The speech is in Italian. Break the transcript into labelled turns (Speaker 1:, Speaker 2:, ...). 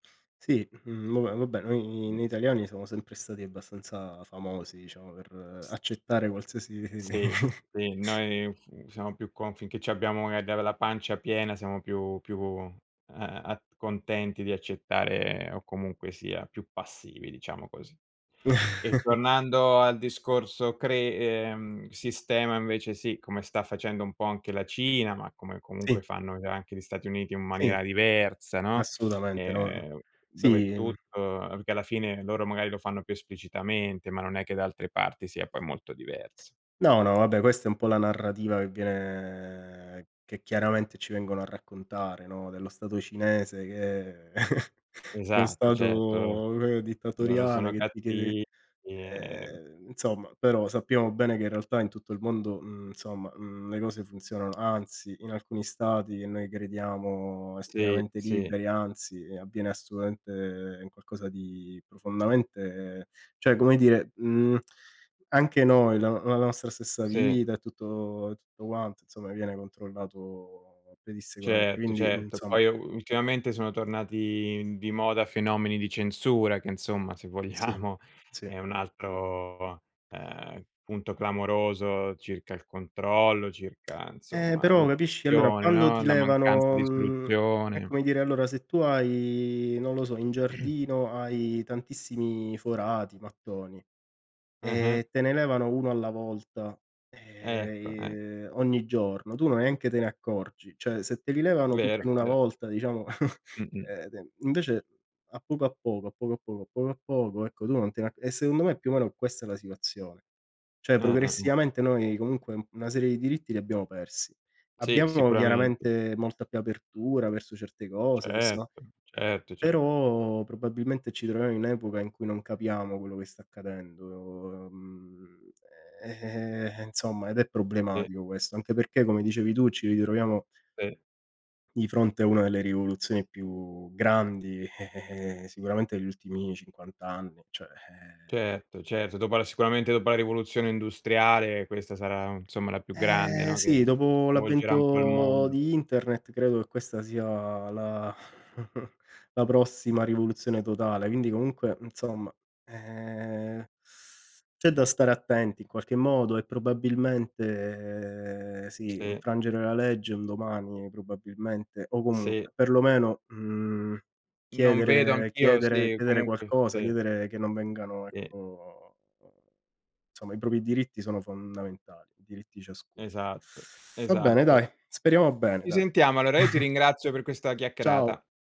Speaker 1: Sì, mhmm, no ve vabbè, noi
Speaker 2: Mh.
Speaker 1: noi italiani siamo sempre stati abbastanza famosi, diciamo, per accettare qualsiasi
Speaker 2: Sì, sì, noi, mhmm, siamo più con finché c'abbiamo e de la pancia piena, siamo più più a a a contenti di accettare o comunque, sia più passivi, diciamo così. E tornando al discorso cre ehm, sistema, invece, sì, come sta facendo un po' anche la Cina, ma come, comunque,
Speaker 1: Sì.
Speaker 2: fanno c anche gli Stati Uniti, in
Speaker 1: Sì,
Speaker 2: maniera diversa, no.
Speaker 1: assolutamente, no.
Speaker 2: Ehm, dove
Speaker 1: Sì, mhmm
Speaker 2: tutto che alla fine, loro magari lo fanno più esplicitamente, ma non è che da altre parti sia poi molto diverso.
Speaker 1: No, no, vabbè, questa è un po' la narrativa, che viene che, chiaramente, ci vengono a raccontare, no, dello stato cinese, che 'no
Speaker 2: Esatto, certo. Lo
Speaker 1: stato [unintelligible]
Speaker 2: loro
Speaker 1: dittatoriale,
Speaker 2: sono
Speaker 1: che ti chiede,
Speaker 2: catti i ehm
Speaker 1: ehm, insomma però sappiamo bene, che in realtà, in tutto il mondo, mhmm, insomma, mhmm, le cose funzionano anzi in alcuni stati, che noi crediamo
Speaker 2: Sì,
Speaker 1: estremamente
Speaker 2: sì.
Speaker 1: liberi, anzi, avviene assolutamente qualcosa di profondamente cioè come dire, mhmm, anche noi, la no la nostra stessa
Speaker 2: Sì.
Speaker 1: vita e tutto e tutto quanto, insomma, viene controllato pedissequamente,
Speaker 2: Certo,
Speaker 1: quindi,
Speaker 2: certo.
Speaker 1: insomma.
Speaker 2: Poi u ultimamente, sono tornati di moda, fenomeni di censura, che, insomma, se
Speaker 1: Sì,
Speaker 2: vogliamo
Speaker 1: sì.
Speaker 2: è un altro, ehm, punto clamoroso circa il controllo, circa,
Speaker 1: Eh,
Speaker 2: insomma,
Speaker 1: però, capisci, allora
Speaker 2: l'oppressione,
Speaker 1: quando
Speaker 2: no,
Speaker 1: ti
Speaker 2: la mancanza
Speaker 1: levano,
Speaker 2: di
Speaker 1: mhmm, è
Speaker 2: istruzione.
Speaker 1: come dire allora se tu hai, non lo so, in giardino, hai tantissimi forati, mattoni
Speaker 2: Eh-eh.
Speaker 1: e te ne levano 1 alla volta ehm,
Speaker 2: Ecco, eh.
Speaker 1: i uhm, ogni giorno, tu neanche te ne accorgi. Cioè se te li levano tutti
Speaker 2: Vero,
Speaker 1: in 1
Speaker 2: vero.
Speaker 1: volta, diciamo,
Speaker 2: Mh-mh.
Speaker 1: eh, e den invece a poco a poco, a poco a poco, a poco a poco, ecco tu non te ne a e secondo me è più o meno questa la situazione. Cioè
Speaker 2: Eh-eh, eh-eh.
Speaker 1: progressivamente noi comunque un una serie di diritti li abbiamo persi.
Speaker 2: Sì,
Speaker 1: Abbiamo
Speaker 2: sicuramente.
Speaker 1: chiaramente molta più apertura verso certe cose, possia
Speaker 2: Certo, certo, ce
Speaker 1: però probabilmente ci troviamo in un'epoca in cui non capiamo quello che sta accadendo, uhm, ehm, e insomma, ed è
Speaker 2: Sì.
Speaker 1: problematico questo, anche perché come dicevi tu ci ritroviamo
Speaker 2: Sì.
Speaker 1: di fronte a una delle rivoluzioni più grandi, eh, eh, ehm, sicuramente gli ultimi 50 anni, cioè, ehm
Speaker 2: Certo, certo, dopo la sicuramente, dopo la rivoluzione industriale, questa sarà, insomma, la più grande,
Speaker 1: Ehm,
Speaker 2: no, che
Speaker 1: sì,
Speaker 2: che
Speaker 1: dopo
Speaker 2: sconvolgerà un po' il
Speaker 1: l'avvento
Speaker 2: mondo.
Speaker 1: di internet, credo che questa sia la la prossima rivoluzione totale. Quindi, comunque, mhmm, insomma, ehm, c'è da stare attenti in qualche modo e probabilmente, ehm, sì,
Speaker 2: Sì.
Speaker 1: infrangere la legge un domani probabilmente o
Speaker 2: Sì.
Speaker 1: comunque, perlomeno, mhmm,
Speaker 2: Non vedo
Speaker 1: chiedere
Speaker 2: anch'io
Speaker 1: chiedere
Speaker 2: sì,
Speaker 1: chiedere
Speaker 2: comunque,
Speaker 1: qualcosa,
Speaker 2: sì.
Speaker 1: chiedere che non vengano
Speaker 2: Sì.
Speaker 1: ecco, insomma, i propri diritti sono fondamentali, i diritti di ciascuno.
Speaker 2: Esatto,
Speaker 1: Va bene,
Speaker 2: esatto.
Speaker 1: dai, speriamo bene,
Speaker 2: Ci
Speaker 1: dai.
Speaker 2: sentiamo. Allora, io ti ringrazio per questa
Speaker 1: Ciao.
Speaker 2: chiacchierata.